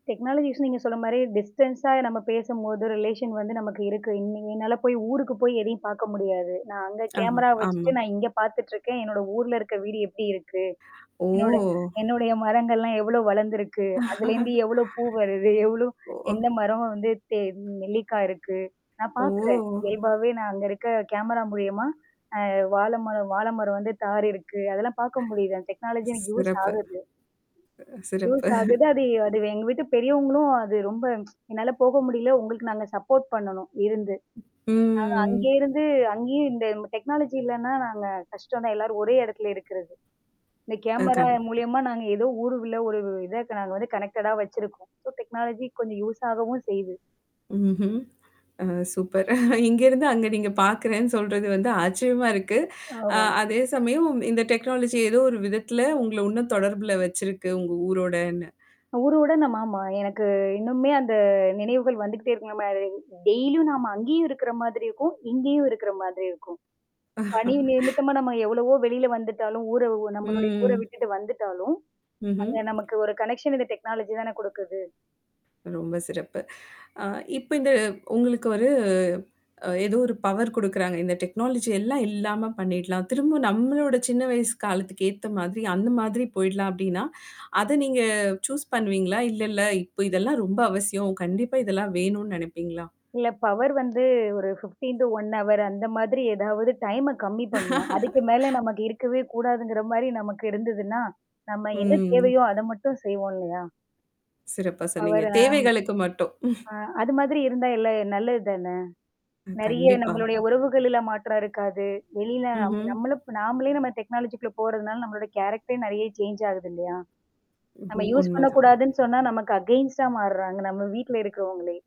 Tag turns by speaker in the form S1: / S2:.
S1: டெக்னாலஜிஸ்ன்னு நீங்க சொன்ன மாரி டிஸ்டன்ஸா நம்ம பேசும்போது ரிலேஷன் வந்து நமக்கு இருக்கு. இ என்னால போய் ஊருக்கு போய் எதையும் பார்க்க முடியாது. நான் அங்க
S2: ஆமா,
S1: கேமரா வச்சுட்டு
S2: ஆமா.
S1: நான் இங்க பார்த்துட்டுருக்கேன். என்னோட ஊர்ல இருக்க வீடு எப்டி இருக்கு?
S2: ஓ!
S1: என்னுட என்னுடைய மரங்கள்லாம் எவ்ளோ வளர்ந்துருக்கு? அதுலேருந்து எவ்ளோ பூ வருது? எவ்ளோ
S2: ஓஹ்.
S1: எந்த மரம் வந்து தெ நெல்லிக்காய் இருக்கு? நான்
S2: ஓ!
S1: பார்க்குறேன். இயல்பாவே நான் அங்க இருக்க கேமரா மூலியமா? அ வாழை மரம் வாழை மரம் வந்து தாறு இருக்கு. அதெல்லாம் பார்க்க முடியுது டெக்னாலஜி எனக்கு யூஸ்
S2: சிறப்பு.
S1: ஆகுது.
S2: சிறப்பு.
S1: யூஸ் அகுது அது அது எங்க வீட்டு பெரியவங்களும் அது ரொம்ப என்னால போக முடியல. உங்களுக்கு நாங்க சப்போர்ட் பண்ணணும் இருந்து. நாங்க
S2: ம்.
S1: அங்கே இருந்து அங்கேயும் இந்த டெக்னாலஜி இல்லன்னா நாங்க கஷ்டம்தா எல்லாரும் ஒரே இடத்துல இருக்கிறது. இந்த
S2: அ
S1: கேமரா
S2: கண்
S1: மூலியமா நாங்க ஏதோ ஊர்ல ஒரு இத நாங்க வந்து கனெக்டடா வச்சிருக்கோம். ஸோ டெக்னாலஜி கொஞ்சம் யூஸ் ஆகவும் செய்து.
S2: ம்ஹ்ம். அ சூப்பர் இங்கருந்து அங்க நீங்க பார்க்கறேன்னு சொல்றது வந்து ஆச்சரியமா இருக்கு. அ
S1: ஆமா.
S2: அதே சமயம் இந்த டெக்னாலஜி ஏதோ ஒரு விதத்தில உங்கள இன்னும் தொடர்புல வச்சிருக்கு உங்க ஊரோடன்னு.
S1: ஊருவுடன் நம் ஆமா. எனக்கு இன்னுமே அந்த நினைவுகள் வந்துகிட்டே இருக்கலம டெய்லியும் நாம அங்கேயும் இருக்கிற மாதிரி இருக்கும். இங்கேயும் இருக்கிற மாதிரி இருக்கும். பணி நிமித்தமா நம்ம எவ்வளவோ வெளியில வந்துட்டாலும், ஊர நம்மளுடைய ஊர
S2: ம்.
S1: விட்டுட்டு வந்துட்டாலும்.
S2: ம்ஹ்ம்.
S1: அது நமக்கு ஒரு கனெக்ஷன் இந்த டெக்னாலஜி தானே குடுக்குது.
S2: ரொம்ப சிறப்பு. அ இப்ப இது உங்களுக்கு ஒரு அ ஏதோ ஒரு பவர் குடுக்குறாங்க. இந்த டெக்னாலஜி எல்லாம் இல்லாம பண்ணிடலாம். திரும்ப நம்மளோட சின்ன வயசு காலத்துக்கு ஏத்த மாதிரி அந்த மாதிரி
S1: ம்.
S2: போயிடலாம் அப்டின்னா, அத நீங்க சூஸ் பண்ணுவீங்களா? இல்லல்ல, இப்ப இதெல்லாம் ரொம்ப அவசியம். கண்டிப்பா இதெல்லாம் வேணும்னு நெனைப்பீங்களா?
S1: இல்ல பவர் வந்து ஒரு fifteen to one hour 15 to 1 hour அந்த மாதிரி ஏதாவது டைம கம்மி பண்ணணும். அதுக்கு மேல நமக்கு இருக்கவே கூடாதுங்கிற மாரி நமக்கு இருந்ததுன்னா, நம்ம என்ன
S2: ம்.
S1: தேவையோ அத மட்டும் செய்வோம் இல்லையா?
S2: சிறப்பா சொன்னீங்க.
S1: பவர ஆம்.
S2: தேவைகளுக்கு மட்டும்.
S1: ஆ அது மாதிரி இருந்தா எல்ல நல்லது தானே?
S2: அ
S1: நெறைய
S2: கண்டிப்பா.
S1: நம்மளுடைய உறவுகள்லாம் மாற்றம் இருக்காது. வெளில நம்
S2: ம்ஹ்ம்.
S1: நம்மள நாமளே நம்ம டெக்னாலஜிக்குள்ள போறதுனால நம்மளோட கேரக்டரே நெறைய சேஞ்ச் ஆகுது இல்லையா? நம்ம
S2: ம்ஹ்ம்
S1: யூஸ்
S2: உண்மதான்.
S1: பண்ணக்கூடாதுன்னு சொன்னா, நமக்கு அகெயன்ஸ்டா மாறுறாங்க. நம்ம வீட்ல இருக்கிறவங்களே.